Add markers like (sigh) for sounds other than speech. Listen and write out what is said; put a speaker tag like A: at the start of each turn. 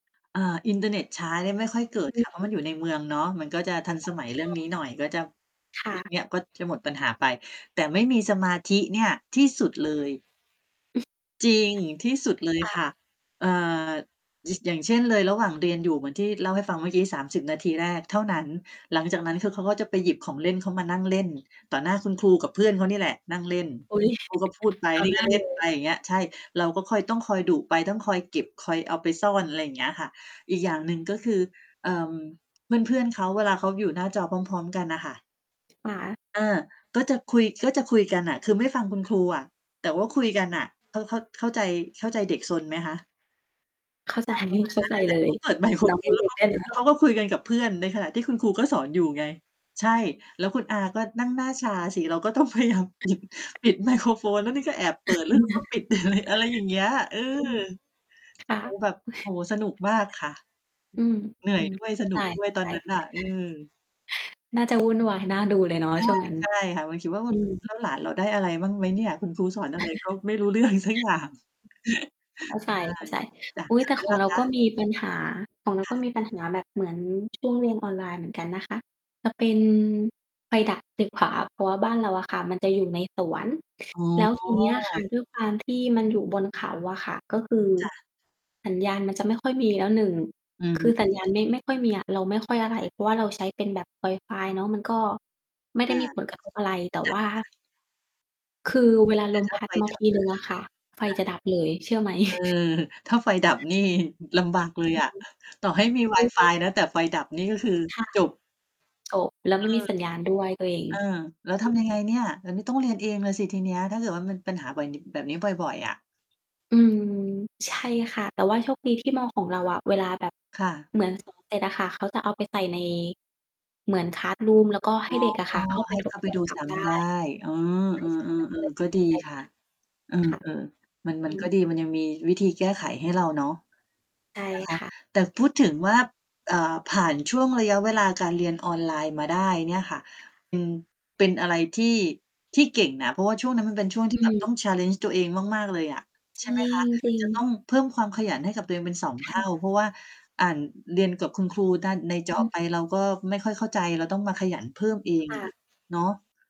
A: อ่า อินเทอร์เน็ตช้าเนี่ยไม่ค่อยเกิด
B: อ
A: ค
B: ื
A: ่ะเพราะมั
B: ม
A: นอยู่ในเมืองเนาะ มันก็จะทัน
B: อ
A: สมัยเรื่อง
B: ๋
A: นี้
B: อ
A: หน่อยก็จะ
B: ค่
A: เรื่
B: ะ
A: อง เนี่ยก็จะหมดปัญหาไปแต่ไม่มีสมาธิเนี่ยที่สุดเล
B: ตื่
A: ย จริงที่สุด
B: น
A: เลย
B: ค่
A: ค่
B: ะ
A: ะ อ่า ช อย่างเช่น เลยระหว่างเรียนอยู่เหมือนที่เล่าให้ฟังเมื่อกี้ 30 นาทีแรกเท่านั้น หลังจากนั้นคือเขาก็จะไปหยิบของเล่นเขามานั่งเล่น ต่อหน้าคุณครูกับเพื่อนเขานี่แหละ นั่งเล่น
B: อุ๊ย
A: คุณ ครูก็พูดไป
B: ต่อ
A: นี่
B: หน้
A: ก็
B: า
A: เล
B: เ
A: ่
B: ล
A: น ไป
B: ย
A: อย่างเงี้ย เราก็คอย ต้องคอยดุไป ต้องคอยเก็บ คอยเอาไปซ่อน อะไรอย่างเงี้ยค่ะ อีกอย่างหนึ่งก็คือ เอ่อ เพื่อน ๆ เขา เวลาเขาอยู่หน้าจอพร้อม ๆ กันน่ะค่ะ
B: ขา
A: เออ ก็จะคุย ก็จะคุยกันน่ะ คือไม่ฟังคุณครูอะ แต่ว่าคุยกันน่ะ เข้า เข้า เข้าใจ เข้าใจเด็กซนไหมคะ?
B: เข้าใจ
A: อ่า
B: นี่
A: ป
B: เ
A: ร
B: ข้
A: ะ
B: า
A: มาณนั้
B: ใ
A: น
B: จ
A: เลยแห
B: เ
A: ล
B: ล
A: ะ เข
B: ย
A: าเปิดไมโคร
B: น้อ
A: โ
B: ง
A: ฟ
B: ยั
A: น
B: ง
A: แล
B: เ
A: ้
B: ด
A: ว
B: ็
A: เ
B: ก
A: ขา
B: ด้วยเนา
A: เข
B: ะ
A: าก็คุยกันกับเพื่อน ในขณะที่คุณครูก็สอนอยู่ไง ใช่ แล้วคุณอาก็นั่งหน้าชาสิ เราก็ต้อง พยายามปิด ปิดไมโครโฟน แล้วนี่ก็แอบเปิด
B: (chuckles)
A: แล้วเรา ก็ปิด อะไรอย่างเงี้ย เออ
B: อืม ครับ
A: แบ
B: (chuckles)
A: บ โอ้โฮ สนุกมากค่ะ
B: อืม
A: เหนื่
B: อ
A: อ
B: ื
A: ย
B: ม
A: ด้วย
B: เข้
A: ส
B: า
A: น
B: ใ
A: ุ
B: จ
A: กด้วยตอนนั้นน่ะ อื
B: ๆ
A: อ
B: น่าจะวุ่นวายน่าดูเลยเนาะ
A: ใช่
B: ช่วงนั้น
A: ใช่ค่ะ มาคิดว่า แบ
B: อื
A: บ
B: ม
A: "แล้วหลานเราได้อะไรบ้างไหมเนี่ย คุณครูสอนอ
B: อ
A: ะ
B: ่
A: ไรก็ไม่รู
B: า
A: ้เรื่อง สักอย่าง"
B: อือ เข้าใจ ๆ อ
A: (chuckles) ใช่ จ้ะ
B: ุ๊ย
A: ทา
B: แต
A: ง
B: ่
A: นั้
B: ข
A: น
B: อ
A: ล
B: ง
A: ่ะ
B: เรา
A: ค่
B: ก็มีปัญหา ของเรา
A: ะ?
B: ก็
A: ค่ะ
B: มีปัญหาแบบเหมือนช่วงเรียนออนไลน์เหมือนกันนะคะ จะเป็น ไฟดับตึกขวา เพราะว่าบ้านเราอะค่ะ มันจะอยู่ในสวน
A: อ๋อ
B: แล้วทีเนี้ยค่ะ ด้วยความที่มันอยู่บนเขาอะค่ะ ก็คือ
A: ค่ะ
B: สัญญาณมันจะไม่ค่อยมีแล้ว 1
A: อื
B: คือ
A: ม
B: สัญญาณไม่ ไม่ค่อยมีอะ เราไม่ค่อยอะไร เพราะว่าเราใช้เป็นแบบไวฟายเนาะ มันก็ไม่ไ
A: อ
B: ด้
A: า
B: มีผลกระ ทบ อะไร แต่ว่า
A: ค่ะ ๆ
B: คือเวลา
A: แต
B: ล
A: ่
B: ม
A: ถ้
B: พ
A: า
B: ั
A: ไ
B: ด
A: ฟ
B: มา
A: ด
B: ท
A: ับ
B: ี
A: ล
B: ห
A: ่ะคะ
B: นึ่งอะค่ะไฟ
A: จ้
B: จ
A: ะ
B: ะดับเลย เชื่อไหม
A: เออ ถ้าไฟดับ
B: (chuckles)
A: นี่ลำบากเลย
B: อืม
A: อะ ต่อให้มี
B: จริง
A: Wifi นะ แต่ไฟดับ นี่ก็คือ
B: ค่ะ
A: จบ
B: จบแล้ว
A: เอ
B: ไม
A: อ
B: ่มีสัญญาณด้วยตัวเอง
A: เออ แล้ว ทำย
B: อ
A: ั
B: ื
A: งไง
B: ม
A: เนี่ย แล้วนี่ต้องเรียนเองเลยสิทีเนี้ย ถ้าเกิดว่ามันปัญหาบ่อย แบบนี้บ่อย ๆ อะ
B: อืม ใช่ค่ะ แต่ว่าโชคดีที่ม. ของเราอะ เวลาแบบ
A: ค่ะ
B: เหมือน สอนเสร็จ อะคะ เขาจะเอาไปใส่ใน เหมือน คลาสรูม แล้วก็ให
A: อ๋
B: ้
A: อ
B: เด็กอะค่ะ เข้าไป
A: ให้
B: ท
A: เข
B: บ
A: ้า
B: ท
A: ไป
B: วน
A: ดู
B: ซ้
A: ซ้
B: ำ ได้
A: ำได้ อ๋อ
B: ใค
A: เ
B: ร
A: อ
B: ใช้แล้วเปิ
A: อ
B: ด
A: ๆ
B: ใ
A: ๆ
B: ห
A: ก
B: ้
A: ็
B: ต
A: ดี
B: ิด F
A: ค่ะ
B: นะ
A: เอ
B: ค่ะ
A: อ ๆ มัน ม
B: อ
A: ัน
B: ื
A: ก็
B: ม
A: ดี มันยังมีวิธีแก้ไขให้เราเนาะ
B: ใช่
A: นะคะ
B: ค่ะ
A: แต่พูดถึงว่า อ่า ผ่านช่วงระยะเวลาการเรียนออนไลน์มาได้เนี่ยค่ะ
B: ค่ะ
A: อืม เป็นอะไรที่ ที่เก่งนะ เพราะว่าช่วงนั้นมันเป็นช่วงที
B: อื
A: ่แบบต้อ
B: ม
A: ง challenge ตัวเองมาก ๆ เลยอะ ใ
B: จ
A: ช
B: ร
A: ่ไหม
B: ิ
A: คะ
B: ง จริ
A: จะต้
B: ง
A: องเพิ่มความขยันให้กับตัวเองเป็น 2
B: ค
A: เท
B: ่
A: ่า
B: ะ
A: เพราะว่าอ่าน เรียนกับคุณครูด้าน ในจ
B: อ
A: อ
B: ืม
A: ไปเราก็ไม่ค่อยเข้าใจ เราต้องมาขยันเพิ่มเอ
B: ค
A: ง
B: ่
A: อะ
B: ะ
A: เนาะ